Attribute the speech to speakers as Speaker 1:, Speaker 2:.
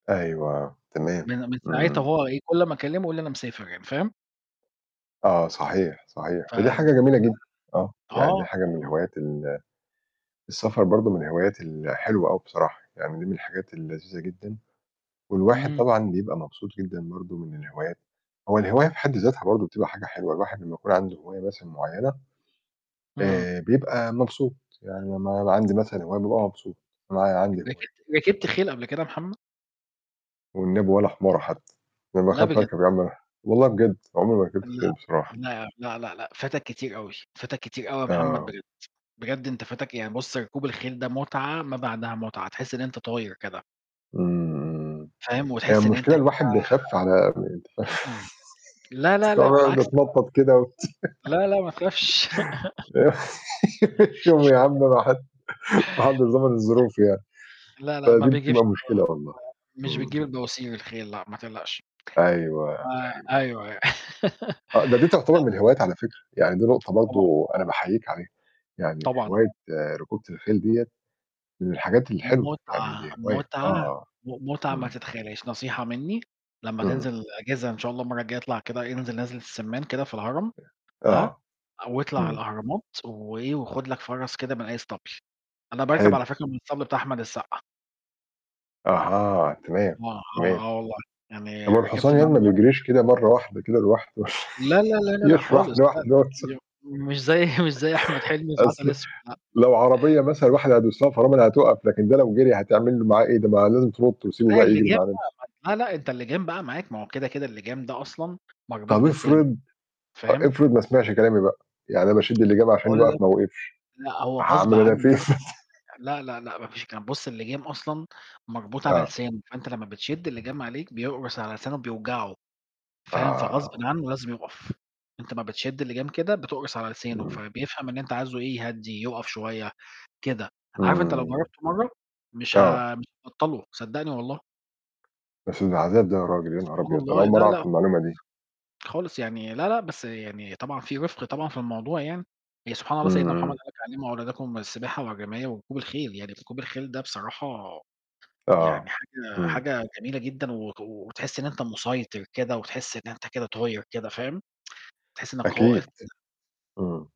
Speaker 1: أيوة، تمام،
Speaker 2: من من ساعتها
Speaker 1: امم.
Speaker 2: وهو إيه، كُلّ أمّا أكلّمه يقول لي أنا مسافر يعني، فاهم؟
Speaker 1: آه، صحيح، صحيح.
Speaker 2: ف ف
Speaker 1: ودي حاجة جميلة جدًا. آه،
Speaker 2: آه.
Speaker 1: يعني دي حاجة من
Speaker 2: [unintelligible]
Speaker 1: الهوايات ال السفر برضه من الهوايات الحلوة أوي بصراحة. يعني دي من الحاجات اللذيذة جدًا. والواحد
Speaker 2: امم.
Speaker 1: طبعًا بيبقى مبسوط جدًا برضه من الهوايات، هو الهواية في حد ذاتها برضه بتبقى حاجة حلوة، الواحد لمّا يكون عندُه هواية مثلًا معينة،
Speaker 2: امم.
Speaker 1: آآ، بيبقى مبسوط، يعني لمّا يبقى عندي مثلًا هواية بابقى مبسوط، معايا– عندي هواية.
Speaker 2: رِكِبت رِكِبت خيل قبل كده يا محمد؟
Speaker 1: والنبي ولا حماره حتى، أنا
Speaker 2: لا
Speaker 1: باخاف
Speaker 2: بجد.
Speaker 1: أركب يا عم أنا والله بجد، عُمري ما ركبت
Speaker 2: لأ،
Speaker 1: خيل بصراحة.
Speaker 2: لأ، لأ، لأ، لأ، فاتك كتير أوي. فاتك كتير أوي يا محمد
Speaker 1: آه.
Speaker 2: بجد، بجد أنت فاتك، يعني بُصّ ركوب الخيل ده متعة ما بعدها متعة، تحس إن أنت طاير كده.
Speaker 1: امم، امم.
Speaker 2: فاهم؟
Speaker 1: هي
Speaker 2: وتحس إن أنت
Speaker 1: المشكلة
Speaker 2: كده
Speaker 1: الواحد بيخاف على [unintelligible]
Speaker 2: لا، لا، لا،
Speaker 1: [unintelligible]
Speaker 2: بالعكس. [unintelligible]
Speaker 1: باتنطط كده
Speaker 2: لا، لا، ماتخافش.
Speaker 1: [unintelligible] يا عم أنا [unintelligible] ما حدش
Speaker 2: [unintelligible]
Speaker 1: ضامن الظروف يعني.
Speaker 2: لا، لا، ما
Speaker 1: فدي
Speaker 2: بيجيبش
Speaker 1: بتبقى مشكلة
Speaker 2: [unintelligible]
Speaker 1: والله،
Speaker 2: مش بيجيب
Speaker 1: امم.
Speaker 2: البواسير الخيل لأ، ما تقلقش.
Speaker 1: أيوه،
Speaker 2: آآ،
Speaker 1: أيوه.
Speaker 2: أيوه، أيوه.
Speaker 1: آه، ده دي تعتبر
Speaker 2: لأ.
Speaker 1: من الهوايات على فكرة، يعني دي نقطة
Speaker 2: طبعًا.
Speaker 1: برضه أنا باحييك عليها، يعني
Speaker 2: طبعًا.
Speaker 1: هواية ركوبة الخيل ديَّة، من الحاجات الحلوة، يعني
Speaker 2: متعة،
Speaker 1: دي هواية، آه،
Speaker 2: متعة،
Speaker 1: آه.
Speaker 2: م متعة ما
Speaker 1: امم.
Speaker 2: تتخيلهاش، نصيحة مني لمّا
Speaker 1: امم.
Speaker 2: تنزل أجازة إن شاء الله المرّه الجاية اطلع كده، انزل نزلة السمّان كده في الهرم، ها؟
Speaker 1: آه،
Speaker 2: أو اطلع على
Speaker 1: امم.
Speaker 2: الأهرامات، وإيه، وخُد لك فَرَس كده من أي اسطبل، أنا باركب
Speaker 1: حلو.
Speaker 2: على فكرة من الاسطبل بتاع أحمد السقا.
Speaker 1: أها، تمام،
Speaker 2: آه، آه،
Speaker 1: تمام.
Speaker 2: آه والله.
Speaker 1: طَب
Speaker 2: يعني
Speaker 1: هو الحصان
Speaker 2: رِكِبت من
Speaker 1: يعني
Speaker 2: عندُه
Speaker 1: ما
Speaker 2: [unintelligible] كذا مرّه.
Speaker 1: بيجريش كده مرّه واحدة كده لوحدُه؟
Speaker 2: لا، لا، لا، لا، لا
Speaker 1: [unintelligible]
Speaker 2: خالص، لأ.
Speaker 1: لوحده مثلًا.
Speaker 2: [unintelligible] مش زي مش زي أحمد حلمي في
Speaker 1: أصل،
Speaker 2: عسل أسود
Speaker 1: لو عربية مثلًا الواحد هيدوس لها فرامل هتقف، لكن ده لو جري هتعمل معاه إيه ده؟ ما لازم تنُطّ وتسيبُه
Speaker 2: ما
Speaker 1: بقى
Speaker 2: كفاية
Speaker 1: يجري
Speaker 2: الِلجام
Speaker 1: مع نفسه.
Speaker 2: بقى ما ت لا، لأ، أنت الِلجام بقى معاك، ما هو كده، كده الِلجام ده أصلًا مربوط
Speaker 1: طَب
Speaker 2: بلسانُه،
Speaker 1: افرض، أ
Speaker 2: فاهم؟
Speaker 1: افرض ما سمعش كلامي بقى، يعني أنا باشِدّ الِلجام عشان
Speaker 2: باقول
Speaker 1: يُقف
Speaker 2: لك
Speaker 1: ما وقفش،
Speaker 2: لأ، هو غصب
Speaker 1: هاعمل أنا
Speaker 2: عنُّه
Speaker 1: فيه إيه
Speaker 2: لازم يُقَف. لأ، لأ، لأ، ما فيش الكلام ده، بُصّ الِلجام أصلًا مربوط على
Speaker 1: آه.
Speaker 2: لسانُه، فأنت لمّا بتشِدّ الِلجام عليك بيقرُص على لسانُه بيوجعُه، فاهم؟ فغصبٍ
Speaker 1: آه.
Speaker 2: عنُّه لازم يُقَف، أنت امّا بتشِدّ الِلجام كده بتقرُص على لسانُه،
Speaker 1: امم.
Speaker 2: فبيفهم إن أنت عايزُه إيه، يهدّي، يُقَف شوية، كده، عارف أنت لو
Speaker 1: امم.
Speaker 2: جربته مرّه، مش
Speaker 1: آه.
Speaker 2: ه مش هتبطّلُه صدّقني والله.
Speaker 1: بس ده عذاب ده ياراجل، يا نهار
Speaker 2: سبحان
Speaker 1: أبيض! أنا
Speaker 2: الله،
Speaker 1: أول مرّه
Speaker 2: لأ،
Speaker 1: أعرف
Speaker 2: لأ خالص.
Speaker 1: المعلومة دي.
Speaker 2: خالص يعني، لأ، لأ، بس يعني طبعًا في رِفق طبعًا في الموضوع يعني، يعني سبحان الله
Speaker 1: امم،
Speaker 2: سيدنا محمد
Speaker 1: امم.
Speaker 2: قال لك علّموا أولادكم السباحة والرماية وركوب الخيل، يعني ركوب الخيل ده بصراحة يعني
Speaker 1: آه،
Speaker 2: حاجة
Speaker 1: امم.
Speaker 2: حاجة جميلة جدًا و وتحس إن أنت مُسيطر كده، وتحس إن أنت كده طاير كده، فاهم؟ تحس إنك قائد
Speaker 1: أكيد،
Speaker 2: كده.
Speaker 1: امم.